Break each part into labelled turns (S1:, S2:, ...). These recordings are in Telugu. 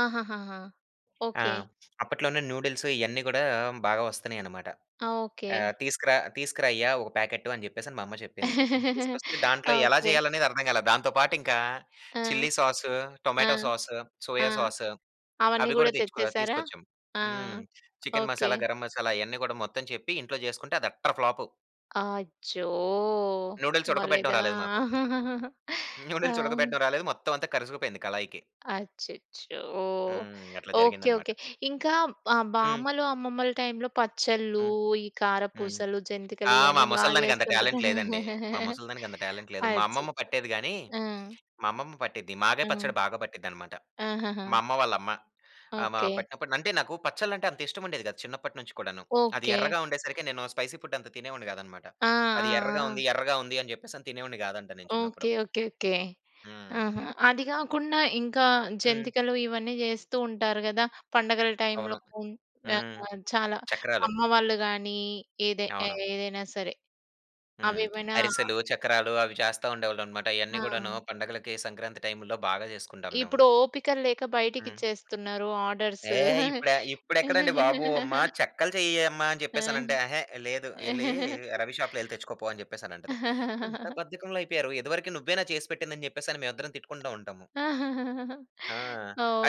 S1: ఆహాహహా!
S2: ఆ!
S1: ఓకె.
S2: అప్పట్లోనే నూడిల్స్ ఇయన్ని గూడా బాగా వస్తున్నాయనమాట.
S1: ఆ! ఓకె.
S2: ఆహ్, తీసుకురా తీసుకురాయ్యా! ఒక ప్యాకెట్టు అని చెప్పేసని మా అమ్మ చెప్పింది. తీసుకొస్తే దాంట్లో ఎలా
S1: ఓకె.
S2: చేయాలనేది అర్థం కాల. దాంతో పాటు ఇంకా
S1: ఆ!
S2: చిల్లి సాసు,
S1: ఆ!
S2: టొమాటో సాసు,
S1: ఆ!
S2: సోయా సాసు
S1: అవన్నీ
S2: అవి
S1: గూడా
S2: గూడా తెచ్చుకో
S1: తెచ్చేసారా?
S2: తీసుకొచ్చాం.
S1: ఆ!
S2: హ్మ్. Chicken
S1: okay.
S2: మసాలా, గరం మసాలా అయన్ని గూడా మొత్తం చెప్పి ఇంట్లో చేసుకుంటే అది అట్టర్ ఫ్లాపు.
S1: అచ్చో!
S2: నూడిల్స్ ఉడకబెట్టడం
S1: బాలేదా?
S2: రాలేదు మాకు.
S1: ఆ!
S2: న్యూడిల్స్ ఉడకబెట్టడం రాలేదు. మొత్తం అంతా కరుసుకుపోయింది కళాయికి.
S1: అచ్చచ్చో!
S2: హ్మ్. అట్లా
S1: ఓకె.
S2: జరిగిందనమాట.
S1: ఓకె. ఇంకా ఆహ్,
S2: హ్మ్.
S1: బామ్మలు అమ్మమ్మలు టైంలో పచ్చళ్ళు,
S2: హ్మ్.
S1: ఈ
S2: హ్మ్
S1: కారపూసలు,
S2: ఆ!
S1: జంతికలు
S2: మా
S1: ఇయన్నీ బా
S2: ముసలిదానికి అంత
S1: చేస్తుంటారు.
S2: టాలెంట్ లేదండి. మా ముసలిదానికి అంత టాలెంట్ లేదు. మా
S1: అచ్చచ్చ!
S2: అమ్మమ్మ పట్టేది గాని
S1: ఆ!
S2: మా అమ్మమ్మ పట్టిద్ది. మాగాయి
S1: హ్మ్.
S2: పచ్చడి బాగా పట్టిద్దనమాట.
S1: ఆహాహా!
S2: మా అమ్మ వాళ్ళమ్మ. ఆహ్, మా
S1: ఓకె.
S2: పట్టినప్పుడు అంటే నాకు పచ్చడ్లంటే అంత ఇష్టముండేది కాదు, చిన్నపట్నుంచి కూడాను. అది
S1: ఓకె.
S2: ఎర్రగా ఉండేసరికి నేను స్పైసీ ఫుడ్ అంత తినేవాడిని గాదనమాట.
S1: ఆ!
S2: అది
S1: ఆ!
S2: ఎర్రగా
S1: ఆ!
S2: ఉంది, ఎర్రగా ఉంది అని చెప్పేసని తినేవాడిని గాదంట నేను
S1: ఓకె.
S2: చిన్నప్పుడు.
S1: ఓకె. ఓకె.
S2: హ్మ్.
S1: ఆహా! అది గాకుండా ఇంకా
S2: హ్మ్.
S1: జంతికలు ఇవన్నీ జేస్తూ ఉంటారు గద! పండగల టైంలో
S2: అవును.
S1: [unintelligible]
S2: హ్మ్,
S1: ఆహ్, చాలా
S2: చక్రాలు.
S1: అమ్మవాళ్ళు గాని ఏదే ఏ
S2: అవును.
S1: ఏదైనా సరే.
S2: హ్మ్.
S1: అవేవైనా
S2: అరిసెలు, చక్రాలు అవి చేస్తా ఉండేవాళ్ళనమాట. ఇయన్నీ గూడాను
S1: ఆ!
S2: పండగలకి సంక్రాంతి టైముల్లో బాగా చేసుకుంటాం మేము.
S1: ఇప్పుడు ఓపికల్లేక
S2: హ్మ్.
S1: బయటికిచ్చేస్తున్నారు ఆర్డర్స్.
S2: ఏహ్! ఇప్పుడ ఇప్పుడెక్కడండి బాబు! అమ్మ చెక్కలు చెయ్యె అమ్మ అని
S1: ఆ!
S2: చెప్పేసనంటే, "అహే! లేదు. యెళ్లి రవి షాపులో యెళ్లి తెచ్చుకోపో" అని చెప్పేసనంటది. ఇంత బద్ధకంలా అయిపోయారు. ఇదివరకి నువ్వేనా చేసిపెట్టింది? అని చెప్పేసని మేవిద్దరం తిట్టుకుంట ఉంటాము. ఆ!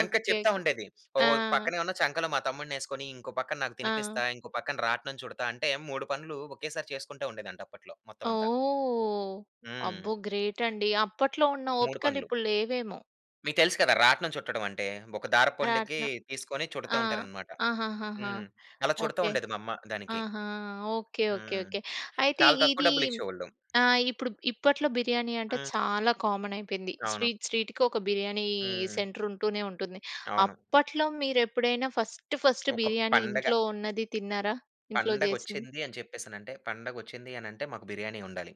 S2: ఎనక చెప్తా ఉండేది. ఓహ్!
S1: ఆ!
S2: పక్కనే ఉన్న చంకలో మా తమ్ముడినేసుకొని, ఇంకో పక్కన నాకు తినిపిస్తా
S1: ఆ!
S2: ఇంకోపక్కన రాట్నం చుడతా అంటే 3 పనులు ఒకేసారి చేసుకుంటూ ఉండేదంట, అప్పట్లో మొత్తవంతా.
S1: ఓహ్!
S2: హ్మ్.
S1: అబ్బో! గ్రేట్ అండి. అప్పట్లో ఉన్న
S2: 3 పనులు.
S1: ఓపికలిప్పుడు లేవేమో.
S2: మీకు తెలుసు కదా! రాట్నం చుట్టడం అంటే ఒక దారపుండకి
S1: రాట్నం
S2: తీసుకొని చుడతా
S1: ఆ!
S2: ఉంటారనమాట.
S1: ఆహాహాహా!
S2: హ్మ్. అలా చుడతా
S1: ఓకె.
S2: ఉండేది మా అమ్మ దానికి.
S1: ఆహా! ఓకె ఓకె
S2: హ్మ్.
S1: ఓకె. అయితే
S2: చాలా తక్కువ
S1: ఇది
S2: డబ్బులు ఇచ్చేవోళ్లు.
S1: ఆహ్, ఇప్పుడు ఇప్పట్లో బిర్యానీ అంటే
S2: హ్మ్.
S1: చాలా కామన్ అయిపోయింది.
S2: అవును.
S1: స్ట్రీట్ స్ట్రీట్‌కి ఒక బిర్యానీ
S2: హ్మ్.
S1: సెంటరుంటూనే ఉంటుంది.
S2: అవును.
S1: అప్పట్లో మీరెప్పుడైనా ఫస్ట్ ఫస్ట్
S2: ఒక
S1: బిర్యానీ
S2: పండగ.
S1: ఇంట్లో ఉన్నది తిన్నారా? ఇంట్లో చేసింది.
S2: పండగొచ్చింది అని చెప్పేసనంటే పండగొచ్చింది అనంటే మాకు బిర్యానీ ఉండాలి.